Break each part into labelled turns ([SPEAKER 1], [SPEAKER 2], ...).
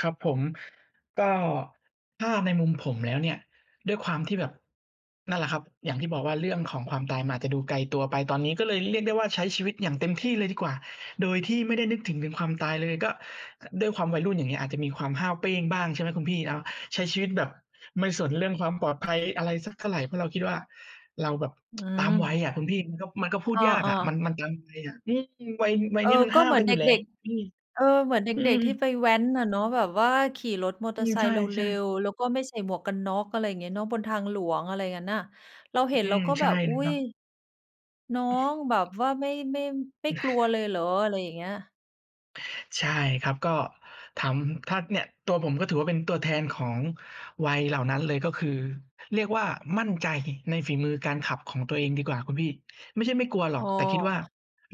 [SPEAKER 1] ครับผม ก็ถ้าในมุมผมแล้วเนี่ย ด้วยความที่แบบ นั่นแหละครับ อย่างที่บอกว่า เรื่องของความตายมันอาจจะดูไกลตัวไปตอนนี้ ก็เลยเรียกได้ว่า ใช้ชีวิตอย่างเต็มที่เลยดีกว่า โดยที่ไม่ได้นึกถึงถึงความตายเลย ก็ ด้วยความวัยรุ่น อย่างเงี้ย อาจจะมีความห้าวเป้งบ้าง ใช่ไหม คุณพี่เนาะ ใช้ชีวิตแบบไม่สนเรื่องความปลอดภัย อะไรสักเท่าไร เพราะเราคิดว่า เราแบบ
[SPEAKER 2] อื
[SPEAKER 1] ตามวัย
[SPEAKER 2] ม
[SPEAKER 1] อะคุณพี่ มันก็ มันก็พูด
[SPEAKER 2] อ้
[SPEAKER 1] ยากอ
[SPEAKER 2] อ
[SPEAKER 1] ะ ม
[SPEAKER 2] ๆ
[SPEAKER 1] ัน มันตามวัยอะ อืม วัย วัย
[SPEAKER 2] เออ
[SPEAKER 1] นี้มัน
[SPEAKER 2] ก
[SPEAKER 1] ห
[SPEAKER 2] ็
[SPEAKER 1] ้า
[SPEAKER 2] เ
[SPEAKER 1] ว
[SPEAKER 2] หมือ
[SPEAKER 1] กั
[SPEAKER 2] น
[SPEAKER 1] นอ
[SPEAKER 2] เ
[SPEAKER 1] ย
[SPEAKER 2] ด
[SPEAKER 1] ู่แล้
[SPEAKER 2] ็
[SPEAKER 1] ว
[SPEAKER 2] ก
[SPEAKER 1] อืม
[SPEAKER 2] ๆ เออ เหมือนเด
[SPEAKER 1] อื
[SPEAKER 2] ็ก
[SPEAKER 1] ม
[SPEAKER 2] ๆ ที่ไปแว้นอะเนาะแบบว่าขี่รถมอ
[SPEAKER 1] อ
[SPEAKER 2] เต
[SPEAKER 1] ื
[SPEAKER 2] อร
[SPEAKER 1] ม
[SPEAKER 2] ์ไซ
[SPEAKER 1] ใช
[SPEAKER 2] ค์เร็
[SPEAKER 1] ่ ๆ
[SPEAKER 2] ว ๆ แล้วก็ไม่ใส่หมวกกันน็อก อะไรอย่างเงี้ยเนาะ บนทางหลวง อะไรงั้นน่ะ เราเห็
[SPEAKER 1] อ
[SPEAKER 2] น
[SPEAKER 1] ื
[SPEAKER 2] เรา
[SPEAKER 1] ม
[SPEAKER 2] ก็
[SPEAKER 1] ใช
[SPEAKER 2] แบ
[SPEAKER 1] ่
[SPEAKER 2] บ อ
[SPEAKER 1] เ
[SPEAKER 2] ุ
[SPEAKER 1] ล
[SPEAKER 2] ๊
[SPEAKER 1] ยคร
[SPEAKER 2] ย!
[SPEAKER 1] ับ
[SPEAKER 2] น้อ
[SPEAKER 1] อ
[SPEAKER 2] งแบบ
[SPEAKER 1] ือ
[SPEAKER 2] ว่า ไม่ ไม่ ไม่กลัวเลยเหรอ อะไรอย่างเงี้ย
[SPEAKER 1] ใช่ครับ ก็ถาม ถ้าเนี่ยตัวผม ก็ถือว่าเป็นตัวแทนของวัยเหล่านั้นเลย ก็คือ เรียกว่ามั่นใจในฝีมือการขับของตัวเองดีกว่าคุณพี่ ไม่ใช่ไม่กลัวหรอ
[SPEAKER 2] อ
[SPEAKER 1] ก
[SPEAKER 2] ้อ
[SPEAKER 1] แต่คิดว่า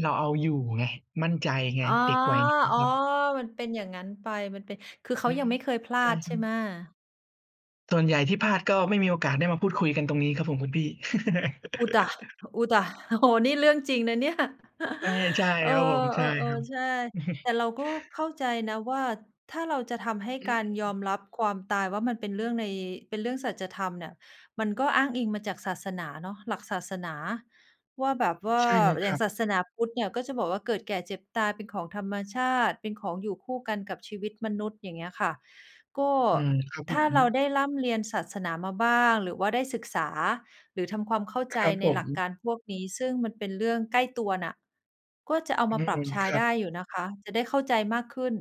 [SPEAKER 1] เราเอาอยู่ไง มั่นใจไง
[SPEAKER 2] อ๋อ
[SPEAKER 1] เด็กวัยนี้นะ
[SPEAKER 2] อ๋
[SPEAKER 1] ค
[SPEAKER 2] อ
[SPEAKER 1] รับ
[SPEAKER 2] มันเป็นอย่างงั้นไป มันเป็น คือ เข
[SPEAKER 1] อ
[SPEAKER 2] า
[SPEAKER 1] ื
[SPEAKER 2] ยั
[SPEAKER 1] ม
[SPEAKER 2] งไม่เคยพลา
[SPEAKER 1] ใช่
[SPEAKER 2] ด
[SPEAKER 1] ค
[SPEAKER 2] ใช
[SPEAKER 1] ร
[SPEAKER 2] ่
[SPEAKER 1] ั
[SPEAKER 2] ไ
[SPEAKER 1] บ
[SPEAKER 2] หม?
[SPEAKER 1] ส่วนใหญ่ที่พลาด ก็ไม่มีโอกาสได้มาพูดคุยกันตรงนี้ครับผม คุณพี่
[SPEAKER 2] อุ๊ต๊ะ อุ๊ต๊ะ โอ้โฮ นี้เรื่องจริงนะเนี่ย
[SPEAKER 1] ใช่ ใช่
[SPEAKER 2] เออ
[SPEAKER 1] ครับผม ใช่
[SPEAKER 2] เอ
[SPEAKER 1] คร
[SPEAKER 2] อ
[SPEAKER 1] ับ
[SPEAKER 2] ๆ ใช่ แต่เราก็เข้าใจนะว่า ถ้าเราจะทำให้
[SPEAKER 1] อื
[SPEAKER 2] การยอ
[SPEAKER 1] ม
[SPEAKER 2] มรับความตายว่า มันเป็นเรื่องใน เป็นเรื่องสัจธรรมน่ะ มันก็อ้างอิงมาจากศาสนาเนาะ หลักศาสนาว่า แบบ
[SPEAKER 1] โอ้
[SPEAKER 2] ว่า
[SPEAKER 1] ใช่เลย
[SPEAKER 2] อ
[SPEAKER 1] ค
[SPEAKER 2] ย่
[SPEAKER 1] ร
[SPEAKER 2] า
[SPEAKER 1] ั
[SPEAKER 2] ง
[SPEAKER 1] บ
[SPEAKER 2] ศาสนาพุทธเนี่ย ก็จะบอกว่า เกิดแก่เจ็บตายเป็นของธรรมชาติเป็นของอยู่คู่กันกับชีวิตมนุษย์ อย่างเงี้ยค่ะ ก็
[SPEAKER 1] อืม ครับผ
[SPEAKER 2] ถ้าเรา
[SPEAKER 1] ม
[SPEAKER 2] ได้ร่ำเรียนศาสนามาบ้าง หรือว่าได้ศึกษา หรือทำความเข้า
[SPEAKER 1] ค
[SPEAKER 2] ใจ
[SPEAKER 1] รับ
[SPEAKER 2] ใน
[SPEAKER 1] ผม
[SPEAKER 2] หลักการพวกนี้ ซึ่งมันเป็นเรื่องใกล้ตัวน่ะ ก็จะเอา
[SPEAKER 1] อ
[SPEAKER 2] ม
[SPEAKER 1] ื
[SPEAKER 2] าปรั
[SPEAKER 1] ม
[SPEAKER 2] บใช้
[SPEAKER 1] ครั
[SPEAKER 2] ได้
[SPEAKER 1] บ
[SPEAKER 2] อยู่นะคะ จะได้เข้าใจมากขึ้น